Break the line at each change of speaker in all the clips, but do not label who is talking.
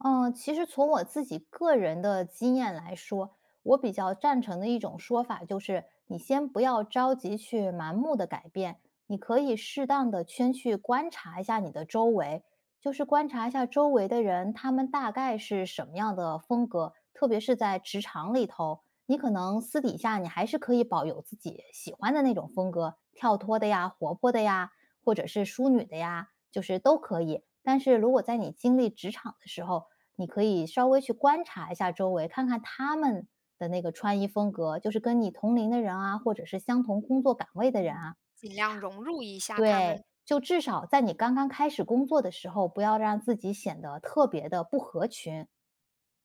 呃，其实从我自己个人的经验来说，我比较赞成的一种说法就是，你先不要着急去盲目地改变，你可以适当地先去观察一下你的周围，就是观察一下周围的人，他们大概是什么样的风格，特别是在职场里头。你可能私底下你还是可以保有自己喜欢的那种风格，跳脱的呀、活泼的呀，或者是淑女的呀，就是都可以。但是如果在你经历职场的时候，你可以稍微去观察一下周围，看看他们的那个穿衣风格，就是跟你同龄的人啊，或者是相同工作岗位的人
嗯，
啊。他
尽量融入一下他
对，
们。
就至少在你刚刚开始工作的时候，不要让自己显得特别地不合群，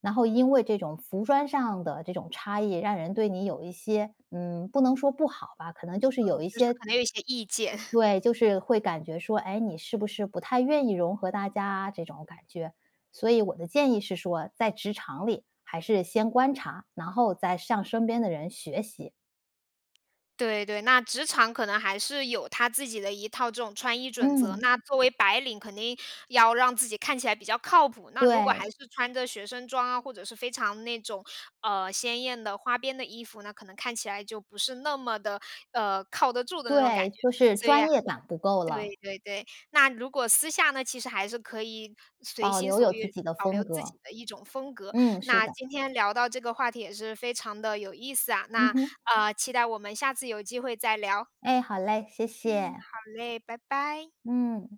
然后因为这种服装上的这种差异，让人对你有一些嗯，不能说不好吧，可能就是有
嗯，
一
就是
些
可能有一些意见。
对，就是会感觉说：“诶，你是不是不太愿意融合大家啊？”这种感觉。所以我的建议是说，在职场里还是先观察，然后再向身边的人学习。
对对，那职场可能还是有它自己的一套这种穿衣准则。
嗯。
那作为白领，肯定要让自己看起来比较靠谱，那如果
对。
还是穿着学生装啊，或者是非常那种，呃，鲜艳的、花边的衣服，那可能看起来就不是那么的，呃，靠得住的那种感
对，
觉。
就是
所以
专业感不够
对
了。
对对，那如果私下呢，其实还是可以随
保
心
留
所
有自
欲，
己的
保留
风
自己
格。
的一种风格。
嗯，是
那
的。
今天聊到这个话题也是非常地有意思啊，
嗯
那，
哼。
呃，期待我们下次有机会再聊。
哎，好嘞，谢
嗯，
谢。
好嘞，拜拜。
嗯。